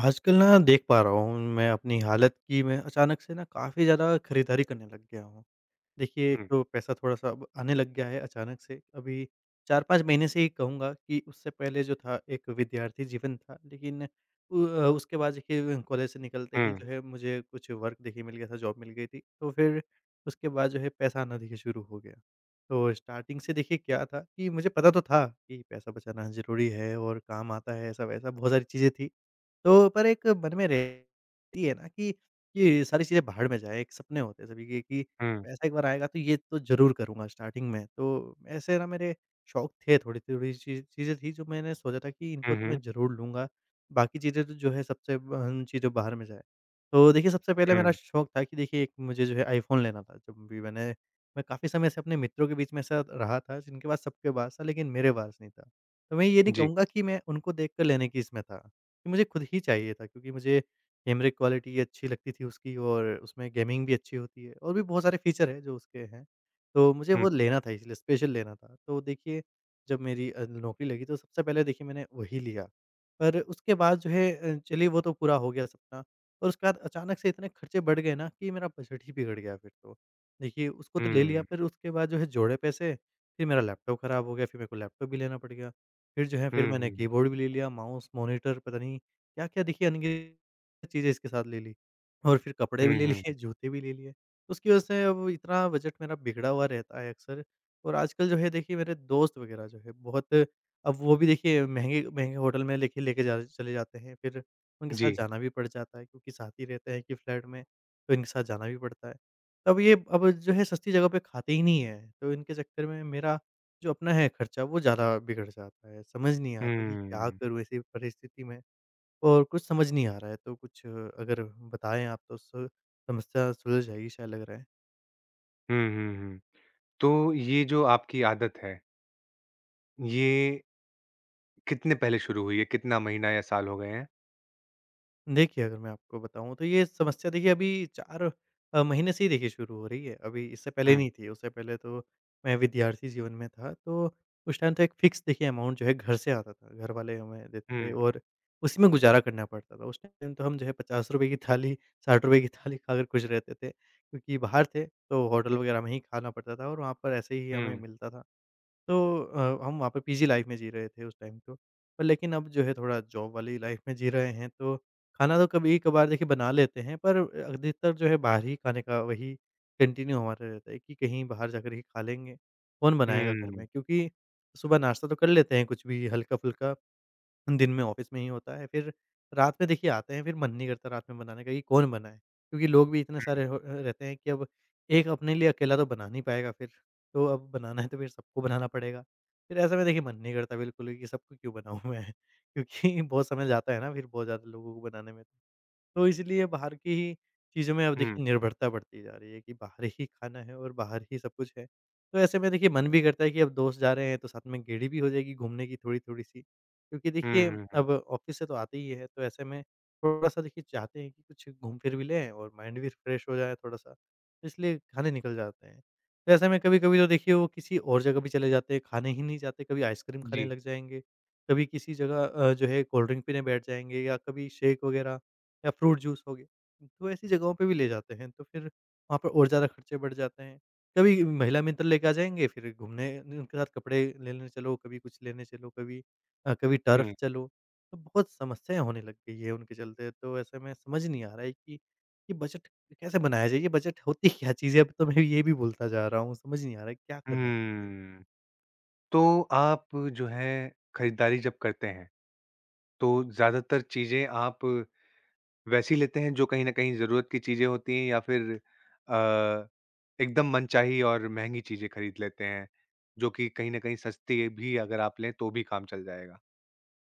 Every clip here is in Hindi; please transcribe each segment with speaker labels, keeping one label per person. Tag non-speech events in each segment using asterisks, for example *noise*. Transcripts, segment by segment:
Speaker 1: आजकल न देख पा रहा हूँ, मैं अपनी हालत की मैं अचानक से न काफ़ी ज़्यादा खरीदारी करने लग गया हूँ। देखिए एक
Speaker 2: हुँ।
Speaker 1: तो पैसा थोड़ा सा अब आने लग गया है अचानक से। अभी 4-5 महीने से ही कहूँगा कि उससे पहले जो था एक विद्यार्थी जीवन था। लेकिन उ उसके बाद देखिए कॉलेज से निकलते ही
Speaker 2: हुँ।
Speaker 1: जो है मुझे कुछ वर्क देखिये मिल गया था, जॉब मिल गई थी। तो फिर उसके बाद जो है पैसा आना देखिए शुरू हो गया। तो स्टार्टिंग से देखिए क्या था कि मुझे पता तो था कि पैसा बचाना ज़रूरी है और काम आता है ऐसा-वैसा बहुत सारी चीज़ें थी। तो पर एक मन में रहती हैं न कि ये सारी चीज़ें भाड़ में जाएँ। एक सपने होते हैं सभी के कि
Speaker 2: हुँ।
Speaker 1: पैसा एक बार आएगा तो ये तो ज़रूर करूँगा स्टार्टिंग में। तो ऐसे न मेरे शौक थे, थोड़ी-थोड़ी चीज़ें थी जो मैंने सोचा था कि इनको
Speaker 2: हुँ,
Speaker 1: तो
Speaker 2: हुँ।
Speaker 1: मैं ज़रूर लूँगा। बाकी चीज़ें तो जो है सबसे अ, चीज़ें भाड़ में जाए। तो देखिए सबसे पहले मेरा
Speaker 2: हुँ।
Speaker 1: शौक था कि देखिए एक मुझे जो है आईफ़ोन लेना था। जब भी मैंने मैं काफ़ी समय से अपने मित्रों के बीच में ऐसा रहा था जिनके पास सबके पास था लेकिन मेरे पास नहीं था। तो मैं ये नहीं
Speaker 2: जी।
Speaker 1: कहूँगा कि मैं उनको देख कर लेने की इसमें था। कि मुझे खुद ही चाहिए था क्योंकि मुझे कैमरे की क्वालिटी अच्छी लगती थी उसकी और उसमें गेमिंग भी अच्छी होती है। और भी बहुत सारे फ़ीचर है जो उसके हैं। तो मुझे
Speaker 2: हुँ।
Speaker 1: वो लेना था इसलिए, स्पेशल लेना था। तो देखिए जब मेरी अ, नौकरी लगी तो सबसे पहले देखिए मैंने वही लिया। पर उसके बाद जो है चलिए वो तो पूरा हो गया सपना और उसके बाद अचानक से इतने ख़र्चे बढ़ गए न कि मेरा बजट ही बिगड़ गया फिर तो। देखिए उसको तो ले लिया
Speaker 2: हुँ।
Speaker 1: फिर उसके बाद जो है जोड़े पैसे फिर मेरा लैपटॉप ख़राब हो गया, फिर मेरे को लैपटॉप भी लेना पड़ गया। फिर जो है फिर
Speaker 2: हुँ, हुँ,
Speaker 1: मैंने
Speaker 2: हुँ।
Speaker 1: कीबोर्ड भी ले लिया माउस, मॉनिटर पता नहीं क्या-क्या देखिए अनगिनत चीज़ें इसके साथ ले ली। और फिर कपड़े भी
Speaker 2: हुँ,
Speaker 1: ले
Speaker 2: हुँ,
Speaker 1: लिए,
Speaker 2: हुँ।
Speaker 1: जूते भी ले लिए। उसकी वजह से अब इतना बजट मेरा बिगड़ा हुआ रहता है अक्सर। और आजकल जो है देखिए मेरे दोस्त वग़ैरह जो है बहुत अब वो भी देखिए महँगे-महँगे होटल में लेके लेके चले जाते हैं फिर उनके साथ
Speaker 2: जी।
Speaker 1: जाना भी पड़ जाता है क्योंकि साथ ही रहते हैं एक ही फ्लैट में, तो इनके साथ जाना भी पड़ता है। अब ये अब जो है सस्ती जगह पे खाते ही नहीं हैं। तो इनके चक्कर में मेरा जो अपना है ख़र्चा वो ज़्यादा बिगड़ जाता है। समझ नहीं आता कि क्या
Speaker 2: हुँ।
Speaker 1: करूँ ऐसी परिस्थिति में? और कुछ समझ नहीं आ रहा है। तो कुछ अगर बताए आप तो सु समस्या सुलझ जाएगी शायद लग रहा है।
Speaker 2: हुँ, हुँ, हुँ। तो ये जो आपकी आदत है ये कितने पहले शुरू हुई है, कितना महीना या साल हो गए हैं?
Speaker 1: देखिए, अगर मैं आपको बताऊँ तो ये समस्या देखिए अभी 4 अ, महीने से ही देखिए शुरू हो रही है। अभी इससे पहले
Speaker 2: हुँ।
Speaker 1: नहीं थी उससे पहले तो मैं विद्यार्थी जीवन में था तो उस टाइम तो एक फ़िक्स देखिए अमाउंट जो है घर से आता था। घरवाले हमें देते
Speaker 2: हुँ,
Speaker 1: थे
Speaker 2: हुँ।
Speaker 1: और उसी में गुज़ारा करना पड़ता था उस टाइम टाइम तो हम जो है ₹50 की थाली, ₹60 की थाली ख़ाकर ख़ुश रहते थे। क्योंकि बाहर थे तो होटल वग़ैरह में ही ख़ाना पड़ता था और वहाँ पर ऐसे ही हमें
Speaker 2: हुँ।
Speaker 1: मिलता था। तो अ, हम वहाँ पे पीजी लाइफ़ में जी रहे थे उस टाइम तो। अ, लेकिन अब जो है थोड़ा जॉब वाली लाइफ़ में जी रहे हैं तो खाना तो कभी-कभार देखिए बना लेते हैं। पर अधिकतर जो है बाहर ही खाने का वही कंटिन्यू हमारा रहता है कि कहीं बाहर जाकर ही खा लेंगे। कौन बनाएगा घर
Speaker 2: हुँ।
Speaker 1: में क्योंकि सुबह नाश्ता तो कर लेते हैं कुछ भी हल्का-फुल्का दिन में ऑफिस में ही होता है। फ़िर रात में देखिए आते हैं फ़िर मन नहीं करता रात में बनाने का कि कौन बनाए? क्योंकि लोग भी इतने
Speaker 2: हुँ।
Speaker 1: सारे हो अ, रहते हैं कि अब एक अपने लिए अकेला तो बना नहीं पाएगा फ़िर। तो अब बनाना है तो फ़िर सबको बनाना पड़ेगा, फ़िर ऐसा मैं देखिए मन नहीं करता बिल्कुल भी कि सबका क्यों बनाऊँ मैं क्योंकि बहुत समय जाता है ना फ़िर बहुत ज़्यादा लोगों को बनाने में। तो इसलिए बाहर की ही चीज़ों में अब
Speaker 2: हुँ।
Speaker 1: देखिए निर्भरता बढ़ती जा रही है कि बाहर ही खाना है और बाहर ही सब कुछ है। तो ऐसे में देखिए मन भी करता है कि अब दोस्त जा रहे हैं तो साथ में गेड़ी भी हो जाएगी घूमने की थोड़ी-थोड़ी सी। क्योंकि देखिए
Speaker 2: हुँ, हुँ, हुँ।
Speaker 1: अब ऑफिस से तो आते ही है तो ऐसे में थोड़ा सा देखिए चाहते हैं कि कुछ घूम फ़िर भी लें और माइंड भी रिफ्रेश हो जाए थोड़ा सा इसलिए खाने निकल जाते हैं। तो ऐसे में कभी-कभी तो देखिए वो किसी और जगह भी चले जाते हैं, खाने ही नहीं जाते कभी आइसक्रीम खाने
Speaker 2: जी।
Speaker 1: लग जाएँगे, कभी किसी जगह अ, जो है कोल्ड ड्रिंक पीने बैठ जाएँगे या कभी शेक वग़ैरह या फ्रूट जूस हो गया। तो ऐसी जगहों पे भी ले जाते हैं तो फ़िर वहाँ पे और ज़्यादा खर्चे बढ़ जाते हैं। कभी महिला मित्र लेके आ जाएँगे फ़िर घूमने उनके साथ कपड़े लेने चलो, कभी कुछ लेने चलो कभी, अ, कभी टर्फ
Speaker 2: हुँ।
Speaker 1: चलो तो बहुत समस्याएँ होने लग गई हैं उनके चलते। तो ऐसे में समझ नहीं आ रहा है कि ये बजट कैसे बनाया जाए ये बजट होती क्या चीज़ है? अब तो मैं ये भी भूलता जा रहा हूँ समझ नहीं आ रहा है क्या करना चाहिए?
Speaker 2: हुँ। तो आप जो है ख़रीदारी जब करते हैं, तो ज़्यादातर चीज़ें आप वैसी लेते हैं जो कहीं न कहीं ज़रूरत की चीज़ें होती हैं या फ़िर अ, एकदम मनचाही और महँगी चीज़ें ख़रीद लेते हैं, जो कि कहीं न कहीं सस्ती भी अगर आप लें तो भी काम चल जाएगा?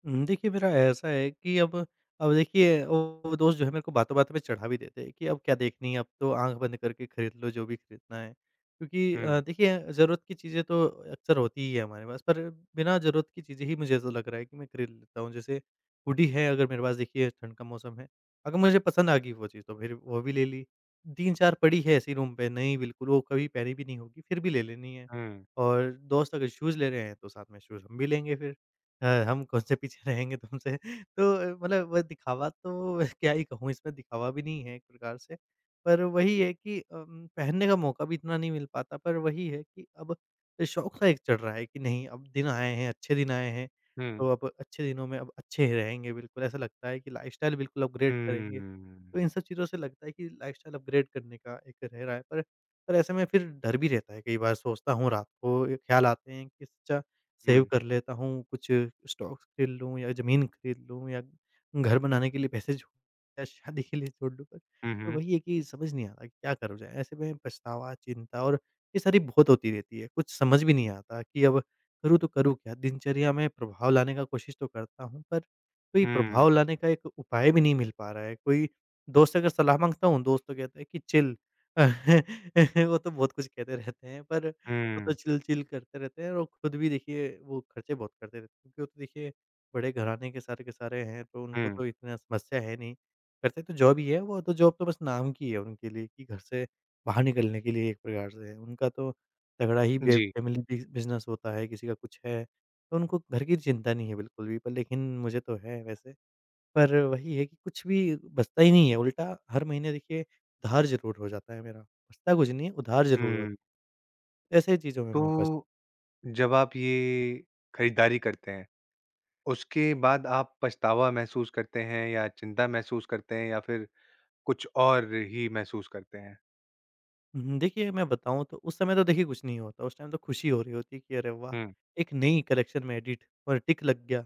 Speaker 1: हुँ, देखिए मेरा ऐसा है कि अब अब देखिए वो दोस्त जो हैं मेरे को बातों-बातों पे चढ़ा भी देते हैं कि अब क्या देखनी है, अब तो आँख बंद करके ख़रीद लो जो भी ख़रीदना है। क्योंकि अ,
Speaker 2: हुँ।
Speaker 1: देखिए ज़रूरत की चीज़ें तो अक्सर होती ही हैं हमारे पास पर बिना ज़रूरत की चीज़ें ही मुझे ऐसा लग रहा है कि मैं ख़रीद लेता हूँ। जैसे हुडी है अगर मेरे पास देखिए ठंड का मौसम है। अगर मुझे पसंद आ गई वो चीज़ तो फिर वो भी ले ली। 3-4 पड़ी है ऐसे ही रूम पे, नहीं बिल्कुल वो कभी पहनी भी नहीं होगी, फिर भी ले लेनी है।
Speaker 2: हुँ।
Speaker 1: और दोस्त अगर शूज़ ले रहे हैं तो साथ में शूज़ हम भी लेंगे फिर। अ, हम कौन-से पीछे रहेंगे तुमसे? तो मतलब दिखावा तो क्या ही कहूँ इसमें? ,दिखावा भी नहीं है एक प्रकार से। पर वही है कि अम पहनने का मौक़ा भी इतना नहीं मिल पाता पर वही है कि अब शौक़ सा एक चल रहा है कि नहीं अब दिन आए हैं, अच्छे दिन आए हैं। तो
Speaker 2: हुँ।
Speaker 1: अब अच्छे दिनों में अब अच्छे रहेंगे बिल्कुल, ऐसा लगता है कि लाइफ़स्टाइल बिल्कुल
Speaker 2: हुँ,
Speaker 1: अपग्रेड
Speaker 2: हुँ,
Speaker 1: करेंगे।
Speaker 2: हुँ, हुँ।
Speaker 1: तो इन सब चीज़ों से लगता है कि लाइफ़स्टाइल अपग्रेड करने का एक रह रहा है पर ऐसे में फिर डर भी रहता है। कई बार सोचता हूँ रात को ख्याल आते हैं कि इससे अच्छा सेव
Speaker 2: हुँ।
Speaker 1: कर लेता हूँ, कुछ स्टॉक्स ख़रीद लूँ या ज़मीन ख़रीद लूँ या घर बनाने के लिए पैसे जो या शादी के लिए जोड़ लूँ
Speaker 2: हुँ,
Speaker 1: और
Speaker 2: हुँ।
Speaker 1: वही है कि समझ नहीं आता क्या करा जाए? ऐसे में पछतावा, चिंता और ये सारी बहुत होती रहती है। कुछ समझ भी नहीं आता कि अब करूँ तो करूँ क्या? दिनचर्या में प्रभाव लाने का कोशिश तो करता हूँ पर कोई
Speaker 2: हुँ।
Speaker 1: प्रभाव लाने का एक उपाय भी नहीं मिल पा रहा है। कोई दोस्त अगर सलाह माँगता हूँ दोस्त तो कहता है कि चिल। *chuckles* वो तो बहुत कुछ कहते रहते हैं पर वो तो
Speaker 2: हुँ।
Speaker 1: चिल-चिल करते रहते हैं, वो खुद भी देखिए वो ख़र्चे बहुत करते रहते हैं। क्योंकि वो तो देखिए बड़े घराने के सारे के सारे हैं तो उनको
Speaker 2: हुँ।
Speaker 1: तो इतना समस्या है नहीं। करते तो जॉब ही है, वो तो जॉब तो बस नाम की है उनके लिए कि घर से बाहर निकलने के लिए एक प्रकार से है। उनका तो तगड़ा ही बे
Speaker 2: जी।
Speaker 1: फ़ैमिली बि बिज़नेस होता है, किसी का कुछ है। तो उनको घर की चिंता नहीं है बिल्कुल भी पर लेकिन मुझे तो है वैसे। पर वही है कि कुछ भी बचता ही नहीं है उल्टा हर महीने देखिए उधार ज़रूर हो जाता है मेरा। बचता कुछ नहीं है, उधार ज़रूर हो
Speaker 2: हुँ।
Speaker 1: ऐसे ही चीज़ में मैं फँस
Speaker 2: तो, जब आप ये खरीदारी करते हैं, उसके बाद आप पछतावा महसूस करते हैं या चिंता महसूस करते हैं या फिर कुछ और ही महसूस करते हैं?
Speaker 1: हुँ, हुँ। देखिए, मैं बताऊँ, तो उस समय तो, देखिए, कुछ नहीं होता। उस टाइम तो खुशी हो रही होती कि, "अरे, वाह!
Speaker 2: हुँ।
Speaker 1: एक नई कलेक्शन में एडिट और टिक लग गया।"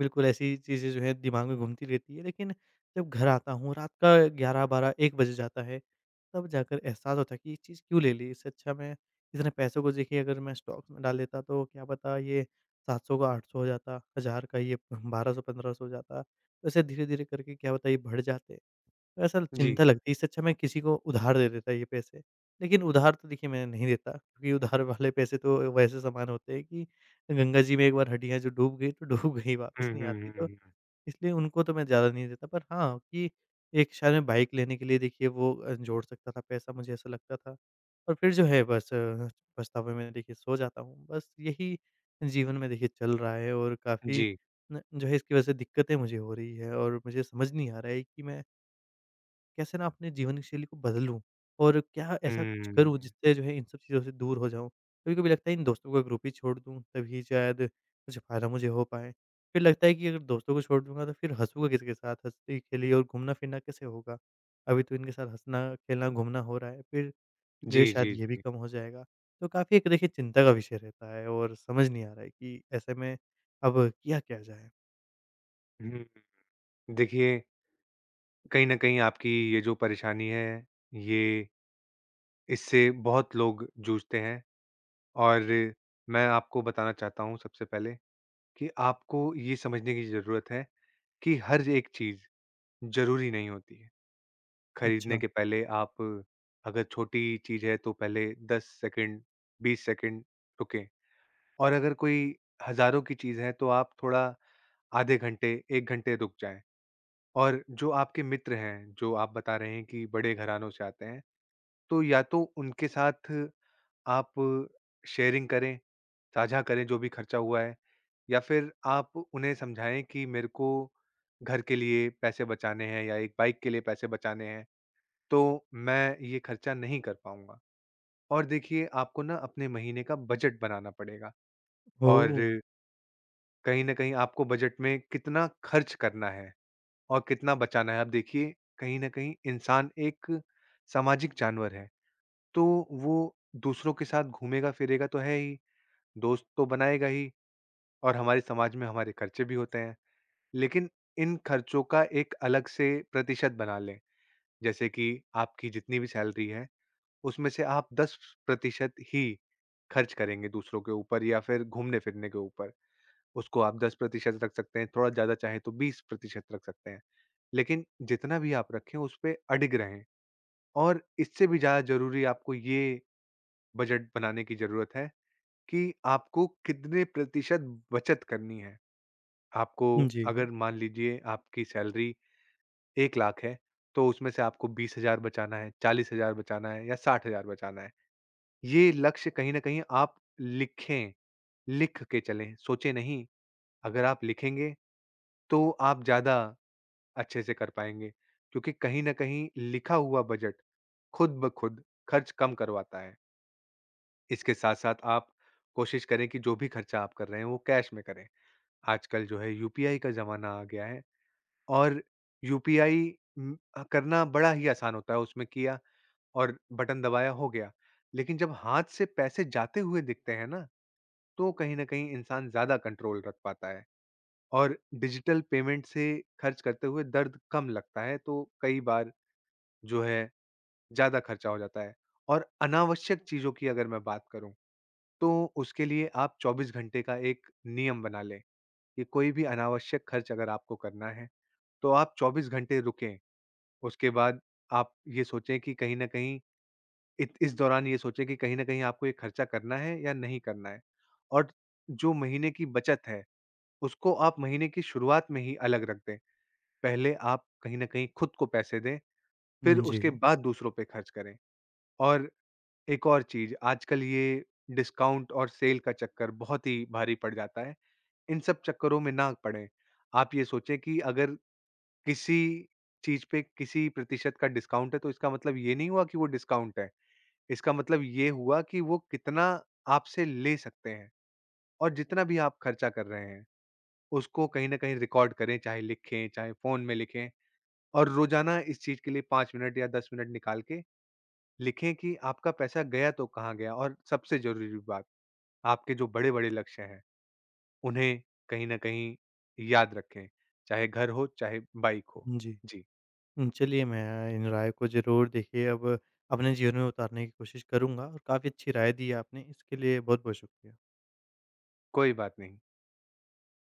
Speaker 1: बिल्कुल ऐसी चीज़ें जो हैं, दिमाग में घूमती रहती हैं, लेकिन जब घर आता हूँ, रात का 11-12-1 बज जाता है। तब जाकर एहसास होता है कि ये चीज़ क्यों ले ली? इससे अच्छा मैं इतने पैसों को, देखिए, अगर मैं स्टॉक में डाल देता, तो क्या पता ये 700 का 800 हो जाता, 1000 का ये 1200-1500 हो जाता। ऐसे धीरे-धीरे करके, क्या पता, ये बढ़ जाते। ऐसा
Speaker 2: जी।
Speaker 1: चिंता लगती है, इससे अच्छा मैं किसी को उधार दे देता ये पैसे। लेकिन उधार तो देखिए, मैं नहीं देता क्योंकि उधार वाले पैसे तो वैसे समान होते हैं कि गंगा जी में एक बार हड्डियाँ जो डूब गई, तो डूब गई
Speaker 2: हुँ,
Speaker 1: वापस नहीं
Speaker 2: हुँ,
Speaker 1: आती
Speaker 2: हुँ,
Speaker 1: तो।
Speaker 2: हुँ, हुँ।
Speaker 1: इसलिए उनको तो मैं ज़्यादा नहीं देता, पर हाँ, कि एक शायद मैं बाइक लेने के लिए, देखिए, वो अ, जोड़ सकता था पैसा, मुझे ऐसा लगता था, और फिर जो है, बस पछतावे में, देखिए, सो जाता हूँ, बस यही जीवन में देखिए *clicks tongue* चल रहा है और काफ़ी
Speaker 2: जी।
Speaker 1: न जो है, इसकी वजह से दिक्कतें मुझे हो रही हैं और मुझे समझ नहीं आ रहा है कि मैं कैसे ना अपने जीवन शैली को बदलूँ और क्या ऐसा कुछ करूँ,
Speaker 2: हुँ।
Speaker 1: जिससे जो है, इन सब चीज़ों से दूर हो जाऊँ? कभी-कभी लगता है, इन दोस्तों का ग्रुप ही छोड़ दूँ, तभी शायद कुछ फ़ायदा मुझे हो पाए। फिर लगता है कि, "अगर दोस्तों को छोड़ दूँगा, तो फिर हँसूँगा किस के साथ? हँसी खेली और घूमना-फिरना कैसे होगा? अभी तो इनके साथ हँसना, खेलना, घूमना हो रहा है, फिर जो है,
Speaker 2: जी,
Speaker 1: शायद
Speaker 2: जी,
Speaker 1: ये भी
Speaker 2: जी।
Speaker 1: कम हो जाएगा।" तो काफ़ी एक, देखिए, चिंता का विषय रहता है और समझ नहीं आ रहा है कि ऐसे में अब किया क्या जाए?
Speaker 2: हुँ, हुँ। देखिये कहीं न कहीं आपकी ये जो परेशानी है, ये। इससे बहुत लोग जूझते हैं और मैं आपको बताना चाहता हूँ सबसे पहले कि आपको ये समझने की ज़रूरत है कि हर एक चीज़ ज़रूरी नहीं होती है। ख़रीदने
Speaker 1: अच्छा।
Speaker 2: के पहले आप अगर छोटी चीज़ है तो पहले 10 सेकंड, 20 सेकंड रुकें, और अगर कोई हज़ारों की चीज़ है तो आप थोड़ा आधे घंटे, 1 घंटे रुक जाएँ। और जो आपके मित्र हैं, जो आप बता रहे हैं कि बड़े घरानों से आते हैं, तो या तो उनके साथ आप शेयरिंग करें, साझा करें जो भी ख़र्चा हुआ है। या फिर आप उन्हें समझाएँ कि मेरे को घर के लिए पैसे बचाने हैं या 1 बाइक के लिए पैसे बचाने हैं, तो मैं ये ख़र्चा नहीं कर पाऊँगा। और देखिए आपको ना अपने महीने का बजट बनाना पड़ेगा। और
Speaker 1: ओह!
Speaker 2: कहीं न कहीं आपको बजट में कितना ख़र्च करना है और कितना बचाना है। अब देखिए कहीं न कहीं इंसान एक सामाजिक जानवर है। तो वो दूसरों के साथ घूमेगा-फिरेगा तो है ही, दोस्त तो बनाएगा ही और हमारे समाज में हमारे ख़र्चे भी होते हैं। लेकिन इन ख़र्चों का एक अलग से प्रतिशत बना लें। जैसे कि आपकी जितनी भी सैलरी है, उसमें से आप 10% ही ख़र्च करेंगे दूसरों के ऊपर या फिर घूमने-फिरने के ऊपर। उसको आप 10% रख सकते हैं, थोड़ा ज़्यादा चाहे तो 20% रख सकते हैं। लेकिन जितना भी आप रखें उसपे अडिग रहें। और इससे भी ज़्यादा ज़रूरी आपको ये बजट बनाने की ज़रूरत है कि आपको कितने प्रतिशत बचत करनी है? आपको
Speaker 1: उ जी।
Speaker 2: अगर मान लीजिये आपकी सैलरी 1,00,000 है तो उसमें से आपको 20,000 बचाना है, 40,000 बचाना है या 60,000 बचाना है। ये लक्ष्य कहीं न कहीं आप लिखें। लिख के चलें, सोचें नहीं अगर आप लिखेंगे, तो आप ज़्यादा अच्छे से कर पाएंगे। क्योंकि कहीं न कहीं लिखा हुआ बजट खुद ब खुद ख़र्च कम करवाता है। इसके साथ-साथ आप कोशिश करें कि जो भी खर्चा आप कर रहे हैं, वो कैश में करे। आजकल जो है, यूपीआई का ज़माना आ गया है और यूपीआई उम, अ, करना बड़ा ही आसान होता है, उसमे किया और बटन दबाया, हो गया। लेकिन जब हाथ से पैसे जाते हुए दिखते हैं ना, तो कहीं न कहीं इंसान ज़्यादा कंट्रोल रख पाता है और डिजिटल पेमेंट से ख़र्च करते हुए दर्द कम लगता है, तो कई बार जो है, ज़्यादा ख़र्चा हो जाता है। और अनावश्यक चीज़ों की अगर मैं बात करूँ, तो उसके लिए आप 24 घंटे का एक नियम बना लें, कि कोई भी अनावश्यक ख़र्च अगर आपको करना है, तो आप 24 घंटे रुकें। उसके बाद आप ये सोचें कि कहीं न कहीं इत इस दौरान ये सोचें कि कहीं न कहीं आपको ये ख़र्चा करना है या नहीं करना है और जो महीने की बचत है, उसको आप महीने की शुरुआत में ही अलग रख दें। पहले आप कहीं न कहीं खुद को पैसे दें, फिर
Speaker 1: हुँ,
Speaker 2: उसके
Speaker 1: जी।
Speaker 2: बाद दूसरों पे खर्च करें, और एक और चीज़, आजकल ये डिस्काउंट और सेल का चक्कर बहुत ही भारी पड़ जाता है, इन सब चक्करों में ना पड़ें। आप ये सोचें कि अगर किसी चीज़ पे किसी प्रतिशत का डिस्काउंट है, तो इसका मतलब ये नहीं हुआ कि वो डिस्काउंट है। इसका मतलब ये हुआ कि वो कितना आपसे ले सकते हैं। और जितना भी आप खर्चा कर रहे हैं, उसको कहीं न कहीं रिकॉर्ड करें, चाहे लिखें, चाहे फ़ोन में लिखें और रोज़ाना इस चीज के लिए 5 मिनट या 10 मिनट निकाल के लिखें कि आपका पैसा गया, तो कहाँ गया और सबसे ज़रूरी बात, आपके जो बड़े-बड़े लक्ष्य हैं, उन्हें कहीं न कहीं याद रखें, चाहे घर हो, चाहे बाइक हो।
Speaker 1: उ, जी।
Speaker 2: जी।
Speaker 1: हुँ, चलिए, मैं इन राय को ज़रूर, देखिए, अब अपने जीवन में उतारने की कोशिश करूँगा और काफ़ी अच्छी राय दी है आपने। इसके लिए बहुत-बहुत शुक्रिया।
Speaker 2: कोई बात नहीं।